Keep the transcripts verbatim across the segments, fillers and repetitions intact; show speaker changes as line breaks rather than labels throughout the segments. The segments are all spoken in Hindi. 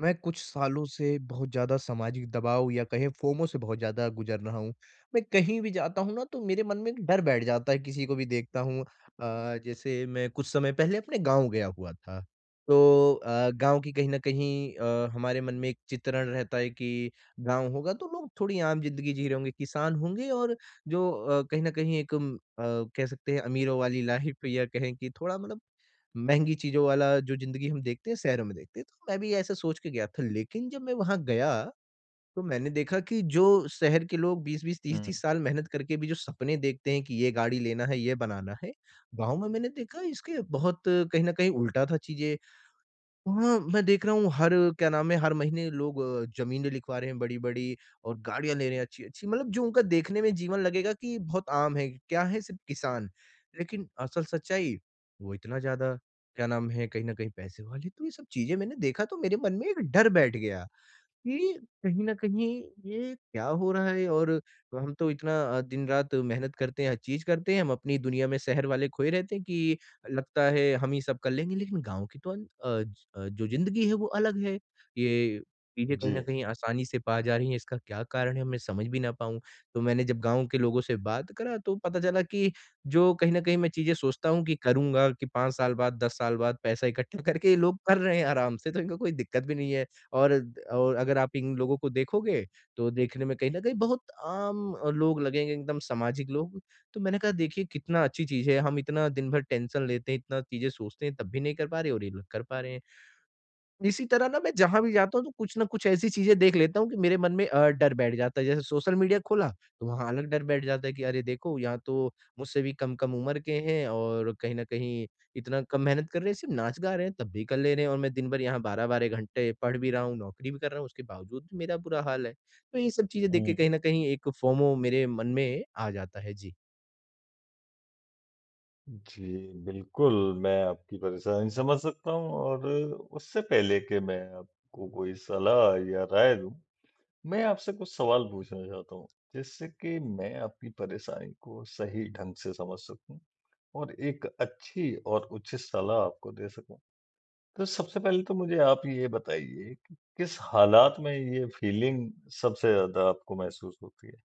मैं कुछ सालों से बहुत ज़्यादा सामाजिक दबाव या कहें फ़ोमो से बहुत ज़्यादा गुज़र रहा हूँ। मैं कहीं भी जाता हूँ ना तो मेरे मन में एक डर बैठ जाता है किसी को भी देखता हूँ। अ, जैसे मैं कुछ समय पहले अपने गाँव गया हुआ था। तो अ, गाँव की कहीं न कहीं अ, हमारे मन में एक चित्रण रहता है कि गाँव होगा, तो लोग थोड़ी आम ज़िंदगी जी रहें होगे, किसान होंगे और जो अ, कहीं न कहीं एक अ, कह सकते हैं अमीरों वाली लाइफ़ या कहें कि थोड़ा मतलब महँगी चीज़ों वाला जो ज़िंदगी हम देखते हैं, शहरों में देखते हैं। तो मैं भी ऐसे सोच के गया था, लेकिन जब मैं वहाँ गया तो मैंने देखा कि जो शहर के लोग बीस बीस, तीस
हुँ।
तीस साल मेहनत करके भी जो सपने देखते हैं कि ये गाड़ी लेना है, ये बनाना है। गाँव में मैंने देखा इसके बहुत कहीं न कहीं उल्टा था चीज़ें। वहाँ मैं देख रहा हूँ हर क्या नाम है हर महीने लोग ज़मीनें लिखवा रहे हैं बड़ी-बड़ी और गाड़ियाँ ले रहे हैं अच्छी-अच्छी मतलब जो उनका देखने में जीवन लगेगा कि बहुत आम है, क्या है सिर्फ़ किसान। लेकिन असल सच्चाई वो इतना ज़्यादा क्या नाम है कहीं न कहीं पैसे वाले तो ये सब चीज़ें मैंने देखा तो मेरे मन में एक डर बैठ गया कि कहीं न कहीं ये क्या हो रहा है और हम तो इतना अ, दिन-रात मेहनत करते हैं, हर चीज़ करते हैं हम अपनी दुनिया में शहर वाले खोए रहते हैं कि लगता है हम ही सब कर लेंगे लेकिन गाँव की तो अंत अ, ज अ, जो ज़िंदगी है वो अलग है। ये चीज़ें कहीं न
जी।
कहीं आसानी से पा जा रही हैं इसका क्या कारण में समझ भी ना पाऊँ? तो मैंने जब गाँव के लोगों से बात करा, तो पता चला कि जो कहीं न कहीं मैं चीज़ें सोचता हूँ कि करूँगा कि पाँच साल बाद, दस साल बाद पैसा इकट्ठा करके ये लोग कर रहे हैं आराम से तो इनको कोई दिक्कत भी नहीं है। और अ, और अगर आप इन लोगों को देखोगे तो देखने में कहीं न कहीं बहुत आम लोग लगेंगे एकदम सामाजिक लोग। तो मैंने कहा देखिए कितना अच्छी चीज़ है हम इतना दिन भर टेंशन लेते हैं इतना चीज़ें सोचते हैं तब भी नहीं कर पा रहे और ये लोग कर पा रहे हैं। इसी तरह ना मैं जहाँ भी जाता हूँ, तो कुछ न कुछ ऐसी चीज़ें देख लेता हूँ कि मेरे मन में अ, डर बैठ जाता है। जैसे सोशल मीडिया खोला तो वहाँ अलग डर बैठ जाता है कि अरे देखो यहाँ तो मुझसे भी कम-कम उम्र के हैं और कहीं न कहीं इतना कम मेहनत कर रहे हैं सिर्फ़ नाच-गा रहे हैं तब भी कर ले रहें है और मैं दिनभर यहाँ बारह बारह घंटे पढ़ भी रहा हूँ, नौकरी भी कर रहा हूँ, उसके बावजूद भी मेरा बुरा हाल है, तो ये सब चीज़ें देख के
हुँ।
कहीं न कहीं एक फ़ोमो मेरे मन में आ जाता है। जी।
जी, बिल्कुल मैं आपकी परेशानी समझ सकता हूँ और उससे पहले कि मैं आपको कोई सलाह या राय दूँ। मैं आपसे कुछ सवाल पूछना चाहता हूँ जिससे कि मैं अपनी परेशानी को सही ढंग से समझ सकूँ। और एक अच्छी और उचित सलाह आपको दे सकूँ। तो सबसे पहले तो मुझे आप ये बताइए कि किस हालात में ये फीलिंग सबसे ज़्यादा आपको महसूस होती है?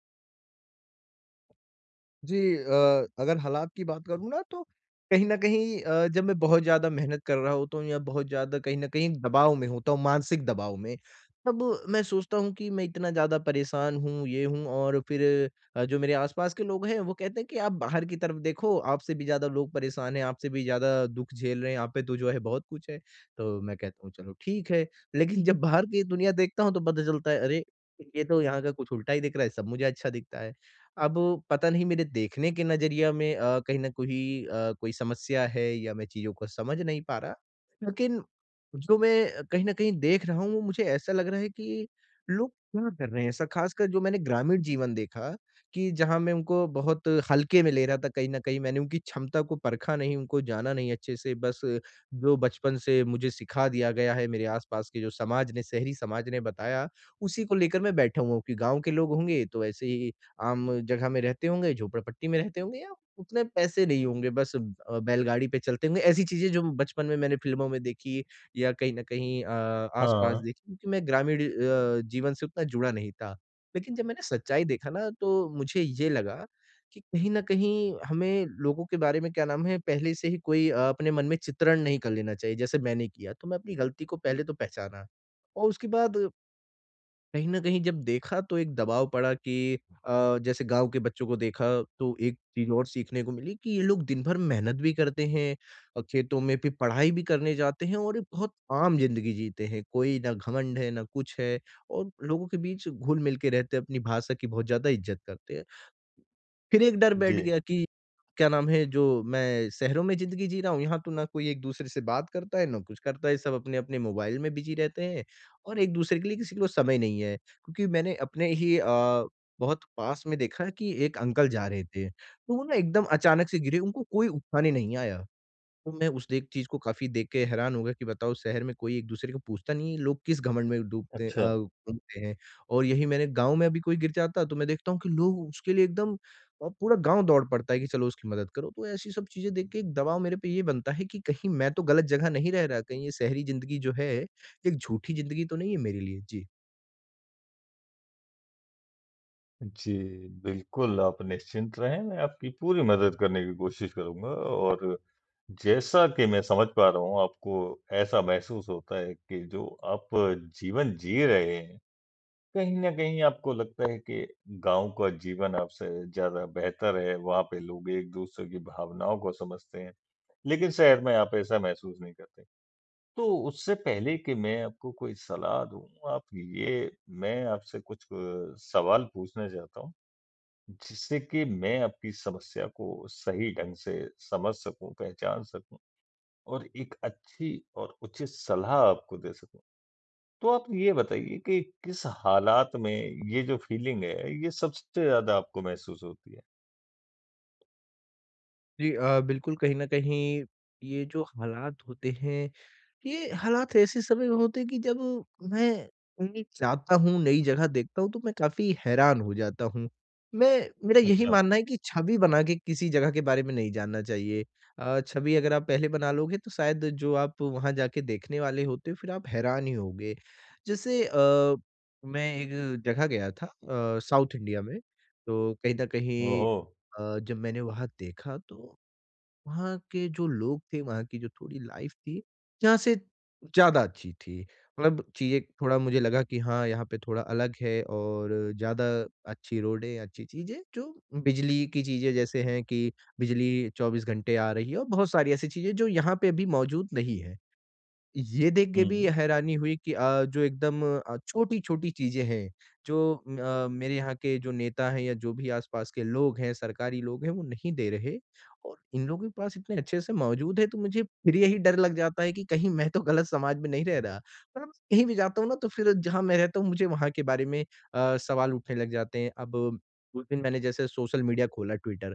जी अ, अगर हलात की बात करूँ ना तो कहीं न कहीं अ, जब मैं बहुत ज़्यादा मेहनत कर रहा हूँ तो या बहुत ज़्यादा कहीं न कहीं एक दबाव में हूँ तो मानसिक दबाव में। तब मैं सोचता हूँ कि मैं इतना ज़्यादा परेशान हूँ ये हूँ और फिर अ, जो मेरे आस-पास के लोग हैं, वो कहते हैं कि आप बाहर की तरफ देखो आपसे भी ज़्यादा लोग परेशान हैं आपसे भी ज़्यादा दुःख झेल रहे हैं, यहाँ पे तो जो है बहुत कुछ है। तो मैं कहता हूँ चलो ठीक है लेकिन जब बाहर की दुनिया देखता हूँ तो पता चलता है अरे! ये तो यहाँ का कुछ उल्टा ही दिख रहा है, सब मुझे अच्छा दिखता है। अब पता नहीं मेरे देखने के नज़रिया में अ, कहीं न कोई अ, कोई समस्या है या मैं चीज़ों को समझ नहीं पा रहा? लेकिन जो मैं कहीं न कहीं देख रहा हूँ वो मुझे ऐसा लग रहा है कि लोग क्या कर रहे हैं? ऐसा ख़ासकर जो मैंने ग्रामीण जीवन देखा कि जहाँ मैं उनको बहुत हल्के में ले रहा था कहीं न कहीं मैंने उनकी क्षमता को परखा नहीं, उनको जाना नहीं अच्छे से, बस जो बचपन से मुझे सिखा दिया गया है, मेरे आस-पास के जो समाज ने शहरी समाज ने बताया उसी को लेकर मैं बैठा हूँ कि गाँव के लोग होंगे, तो ऐसे ही आम जगह में रहते होंगे, झोपड़पट्टी में रहते होंगे या उतने पैसे नहीं होंगे बस अ, बेलगाड़ी पे चलते होंगे, ऐसी चीज़ें जो बचपन में मैंने फ़िल्मों में देखी या कहीं न कहीं अ, आस-पास
हाँ।
देखी क्योंकि मैं ग्रामीण अ, जीवन से उतना जुड़ा नहीं था। लेकिन जब मैंने सच्चाई देखा ना तो मुझे ये लगा कि कहीं न कहीं हमें लोगों के बारे में क्या नाम है पहले से ही कोई अपने मन में अ, चित्रण नहीं कर लेना चाहिए। जैसे मैंने किया तो मैं अपनी गलती को पहले तो पहचाना। और उसके बाद कहीं न कहीं जब देखा तो एक दबाव पड़ा कि अ, जैसे गाँव के बच्चों को देखा तो एक चीज़ और सीखने को मिली कि ये लोग दिन भर मेहनत भी करते हैं और खेतों में, फिर पढ़ाई भी करने जाते हैं और एक बहुत आम ज़िंदगी जीते हैं। कोई न घमंड है ना कुछ है और लोगों के बीच घुल-मिल के रहते हैं अपनी भाषा की बहुत ज़्यादा इज़्जत करते हैं। फिर एक डर बैठ
जी।
गया कि क्या नाम है जो मैं शहरों में ज़िंदगी जी रहा हूँ यहाँ तो ना कोई एक-दूसरे से बात करता है, ना कुछ करता है सब अपने-अपने मोबाइल में बिज़ी रहते हैं और एक-दूसरे के लिए किसी को समय नहीं है क्योंकि मैंने अपने ही अ, बहुत पास में देखा कि एक अंकल जा रहे थे। तो वो ना एकदम अचानक से गिरे उनको कोई उठाने नहीं आया। तो मैं उस देख चीज़ को काफ़ी देख के हैरान हो गया कि बताओ शहर में कोई एक-दूसरे को पूछता नहीं है लोग किस घमंड में डूबते हैं
अच्छा।
अ, डुबते हैं और यही मैंने गाँव में अभी कोई गिर जाता तो मैं देखता हूँ कि लोग उसके लिए एकदम अ, पूरा गाँव दौड़ पड़ता है कि चलो उसकी मदद करो तो ऐसी सब चीज़ें देख के एक दबाव मेरे पे ये बनता है कि कहीं मैं तो गलत जगह नहीं रह रहा, कहीं ये शहरी ज़िंदगी जो है एक झूठी ज़िंदगी तो नहीं है मेरे लिए? जी।
जी बिल्कुल, आप निश्चिंत रहें, मैं आपकी पूरी मदद करने की कोशिश करूँगा और जैसा कि मैं समझ पा रहा हूँ आपको ऐसा महसूस होता है कि जो आप जीवन जी रहे हैं, कहीं न कहीं आपको लगता है कि गाँव का जीवन आपसे ज़्यादा बेहतर है, वहाँ पे लोग एक-दूसरे की भावनाओं को समझते हैं, लेकिन शहर मैं आप ऐसा महसूस नहीं करते। तो उससे पहले कि मैं आपको कोई सलाह दूँ आप ये मैं आपसे कुछ सवाल पूछने चाहता हूँ। जिससे कि मैं आपकी समस्या को सही ढंग से समझ सकूँ, पहचान सकूँ। और एक अच्छी और उचित सलाह आपको दे सकूँ। तो आप ये बताइए कि किस हालात में ये जो फीलिंग है ये सबसे ज़्यादा आपको महसूस होती है?
जी अ, बिल्कुल कहीं न कहीं ये जो हालात होते हैं, ये हालात ऐसे समय होते हैं कि जब मैं कहीं जाता हूँ, नई जगह देखता हूँ तो मैं काफ़ी हैरान हो जाता हूँ। मैं मेरा यही
अच्छा।
मानना है कि छवि बना के किसी जगह के बारे में नहीं जानना चाहिए अ, छवि अगर आप पहले बना लोगे तो शायद जो आप वहाँ जाके देखने वाले होते हो फिर आप हैरान ही होंगे। जैसे अ, मैं एक जगह गया था अ, साउथ इंडिया में, तो कहीं न कहीं
ओहो!
अ, जब मैंने वहाँ देखा तो वहाँ के जो लोग थे, वहाँ की जो थोड़ी लाइफ़ थी, यहाँ से ज़्यादा अच्छी थी। मतलब चीज़ें थोड़ा मुझे लगा कि हाँ यहाँ पे थोड़ा अलग है और ज़्यादा अच्छी रोडें, अच्छी चीज़ें, जो बिजली की चीज़ें जैसे हैं कि बिजली चौबीस घंटे आ रही है और बहुत सारी ऐसी चीज़ें जो यहाँ पे अभी मौजूद नहीं है। ये देख के भी
हुँ।
हैरानी हुई कि अ, जो एकदम अ, छोटी-छोटी चीज़ें हैं जो अ, मेरे यहाँ के जो नेता हैं या जो भी आस पास के लोग हैं, सरकारी लोग हैं वो नहीं दे रहे और इन लोगों के पास इतने अच्छे से मौजूद है तो मुझे फिर यही डर लग जाता है कि कहीं मैं तो गलत समाज में नहीं रह रहा। कहीं भी जाता हूँ ना तो फिर जहाँ मैं रहता हूँ मुझे वहाँ के बारे में अ, सवाल उठने लग जाते हैं, अब उस दिन मैंने जैसे सोशल मीडिया खोला ट्विटर,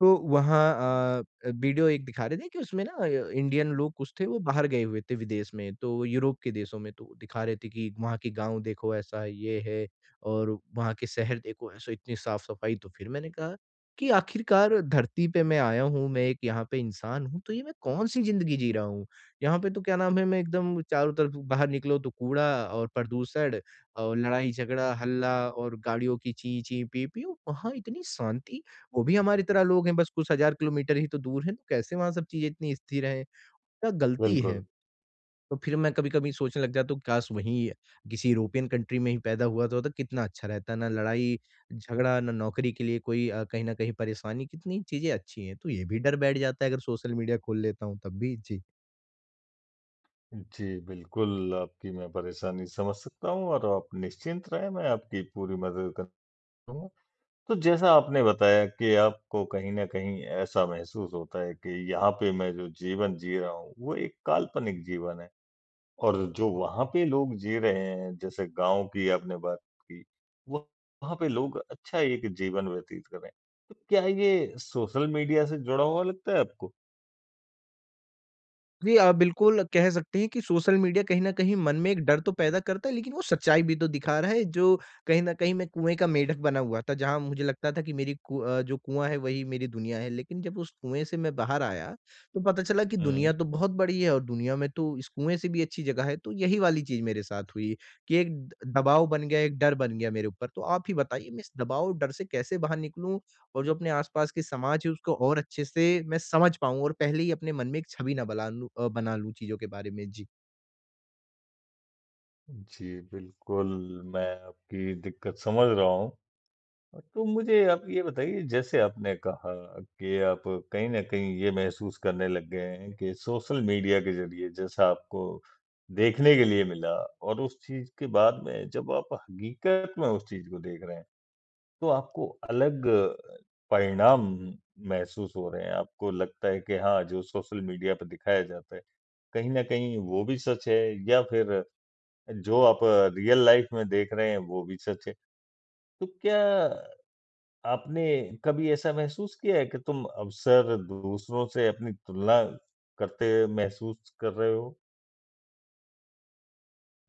तो वहाँ अ, वीडियो एक दिखा रहे थे कि उसमें ना अ, इंडियन लोग कुछ थे वो बाहर गए हुए थे विदेश में, तो यूरोप के देशों में तो दिखा रहे थे कि वहाँ के गाँव देखो ऐसा ये है और वहाँ के शहर देखो ऐसा इतनी साफ-सफाई, तो फिर मैंने कहा कि आखिरकार धरती पे मैं आया हूँ, मैं एक यहाँ पे इंसान हूँ, तो ये मैं कौन-सी ज़िंदगी जी रहा हूँ? यहाँ पे तो क्या नाम है, मैं एकदम चारों तरफ बाहर निकलो तो कूड़ा और प्रदूषण और लड़ाई झगड़ा, हल्ला और गाड़ियों की ची-ची, पी-पीऊ, वहाँ इतनी शांति, वो भी हमारी तरह लोग हैं, बस कुछ हज़ार किलोमीटर ही तो दूर हैं, तो कैसे वहाँ सब चीज़ें इतनी स्थिर हैं? गलती है।
बिल्कुल।
तो फिर मैं कभी कभी सोचने लग जाता हूँ काश वही अ, किसी यूरोपियन कंट्री में ही पैदा हुआ तो कितना अच्छा रहता, ना लड़ाई-झगड़ा, ना नौकरी के लिए कोई अ, कहीं न कहीं परेशानी, कितनी चीज़ें अच्छी हैं, तो ये भी डर बैठ जाता है अगर सोशल मीडिया खोल लेता हूँ तब भी। जी।
उ, जी बिल्कुल, आपकी मैं परेशानी समझ सकता हूँ और आप निश्चिंत रहें मैं आपकी पूरी मदद कर [unintelligible] तो जैसा आपने बताया कि आपको कहीं न कहीं ऐसा महसूस होता है कि यहाँ पे मैं जो जीवन जी रहा हूँ, वो एक काल्पनिक जीवन है। और जो वहाँ पे लोग जी रहे हैं, जैसे गाँव की आपने बात की, वो वहाँ पे लोग अच्छा एक जीवन व्यतीत कर रहे हैं, तो क्या ये सोशल मीडिया से जुड़ा हुआ लगता है आपको?
जी हाँ, बिल्कुल कह सकते हैं कि सोशल मीडिया कहीं न कहीं मन में एक डर तो पैदा करता है लेकिन वो सच्चाई भी तो दिखा रहा है जो कहीं न कहीं मैं कुएँ का मेढ़क बना हुआ था, जहाँ मुझे लगता था कि मेरी कु अ, जो कुआँ है वही मेरी दुनिया है। लेकिन जब उस कुएँ से मैं बाहर आया, तो पता चला कि दुनिया
हुँ।
तो बहुत बड़ी है, और दुनिया में तो इस कुएँ से भी अच्छी जगह है तो यही वाली चीज़ मेरे साथ हुई, कि एक दबाव बन गया, एक डर बन गया मेरे ऊपर, तो आप ही बताइए? मैं इस दबाव और डर से कैसे बाहर निकलूँ? और जो अपने आस-पास के समाज है उसको और अच्छे से मैं समझ पाऊँ और पहले ही अपने मन में एक छवि ना बला लूँ अ, बना लूँ चीज़ों के बारे में? जी।
जी बिल्कुल, मैं आपकी दिक्कत समझ रहा हूँ। तो मुझे आप ये बताइए जैसे आपने कहा कि आप कहीं न कहीं ये महसूस करने लग गए हैं कि, सोशल मीडिया के ज़रिए जैसा आपको देखने के लिए मिला और उस चीज़ के बाद में जब आप हकीकत में उस चीज़ को देख रहे हैं, तो आपको अलग परिणाम महसूस हो रहे हैं, आपको लगता है कि हाँ, जो सोशल मीडिया पे दिखाया जाता है, कहीं न कहीं वो भी सच है या फिर जो आप रियल लाइफ़ रियल लाइफ़ में देख रहे हैं, वो भी सच है, तो क्या आपने कभी ऐसा महसूस किया है कि तुम अक्सर दूसरों से अपनी तुलना करते महसूस कर रहे हो?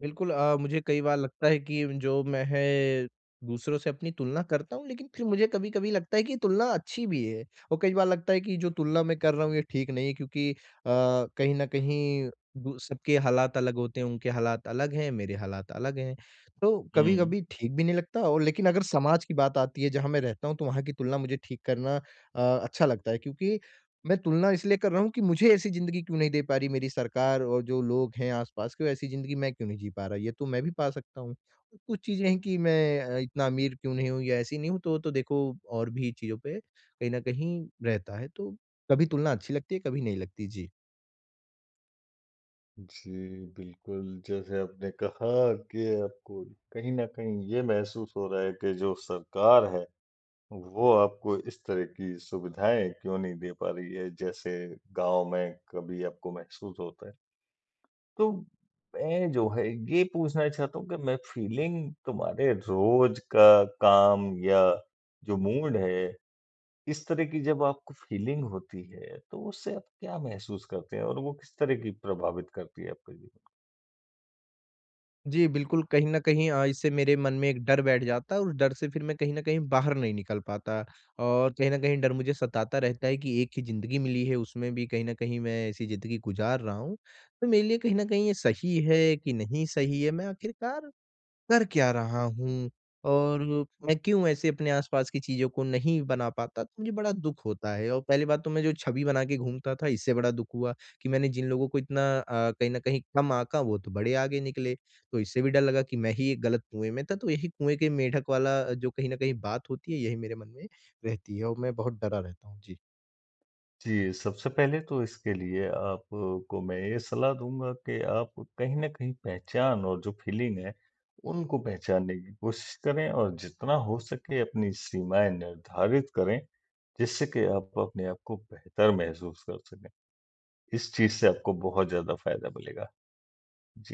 बिल्कुल अ, मुझे कई बार लगता है कि जो मैं है दूसरों से अपनी तुलना करता हूँ, लेकिन फिर मुझे कभी-कभी लगता है कि तुलना अच्छी भी है और कई बार लगता है कि जो तुलना मैं कर रहा हूँ ये ठीक नहीं है क्योंकि अ, कहीं न कहीं दु सबके हालात अलग होते हैं, उनके हालात अलग हैं, मेरे हालात अलग हैं। तो
हुँ।
कभी-कभी ठीक भी नहीं लगता और लेकिन अगर समाज की बात आती है, जहाँ मैं रहता हूँ, तो वहाँ की तुलना मुझे ठीक करना अ, अच्छा लगता है क्योंकि मैं तुलना इसलिए कर रहा हूँ कि मुझे ऐसी ज़िंदगी क्यों नहीं दे पा रही मेरी सरकार और जो लोग हैं, आस-पास की वैसी ज़िंदगी मैं क्यों नहीं जी पा रहा है, ये तो मैं भी पा सकता हूँ। कुछ चीज़ें हैं कि मैं अ, इतना अमीर क्यों नहीं हूँ या ऐसी नहीं हूँ तो तो देखो और भी चीज़ों पे कहीं न कहीं रहता है, तो कभी तुलना अच्छी लगती है, कभी नहीं लगती। जी।
जी बिल्कुल, जैसे आपने कहा कि आपको कहीं न कहीं ये महसूस हो रहा है कि जो सरकार है, वो आपको इस तरह की सुविधाएँ क्यों नहीं दे पा रही है, जैसे गाँव में कभी आपको महसूस होता है। तो मैं जो है ये पूछना चाहता हूँ कि मैं फीलिंग तुम्हारे रोज़ का काम या जो मूड है, इस तरह की जब आपको फ़ीलिंग होती है, तो उससे आप क्या महसूस करते हैं और वो किस तरह की प्रभावित करती है आपका जीवन
जी बिल्कुल, कहीं न कहीं अ, इससे मेरे मन में एक डर बैठ जाता है और उस डर से फिर मैं कहीं न कहीं बाहर नहीं निकल पाता और कहीं न कहीं डर मुझे सताता रहता है कि एक ही ज़िंदगी मिली है, उसमें भी कहीं न कहीं मैं ऐसी ज़िंदगी को गुज़ार रहा हूँ, तो मेरे लिए कहीं न कहीं ये सही है कि नहीं सही है, मैं आख़िरकार कर क्या रहा हूँ और मैं क्यों ऐसे अपने आस-पास की चीज़ों को नहीं बना पाता, तो मुझे बड़ा दुःख होता है और पहली बात तो मैं जो छबि बना के घूमता था, इससे बड़ा दुःख हुआ कि मैंने जिन लोगों को इतना अ, कहीं न कहीं कम आका, वो तो बड़े आगे निकले। तो इससे भी डर लगा कि मैं ही एक गलत कुएँ में था, तो यही कुएँ के मेंडक वाला जो कहीं न कहीं बात होती है, यही मेरे मन में रहती है और मैं बहुत डरा रहता हूँ। जी।
जी, सबसे पहले तो इसके लिए आपको मैं ये सलाह दूँगा कि आप कहीं न कहीं पहचान और जो फ़ीलिंग है उनको पहचानने की कोशिश करें और जितना हो सकें अपनी सीमाएँ निर्धारित करें, जिससे कि आप अपने आप को बेहतर महसूस कर सकें, इस चीज़ से आपको बहुत ज़्यादा फ़ायदा मिलेगा। जी।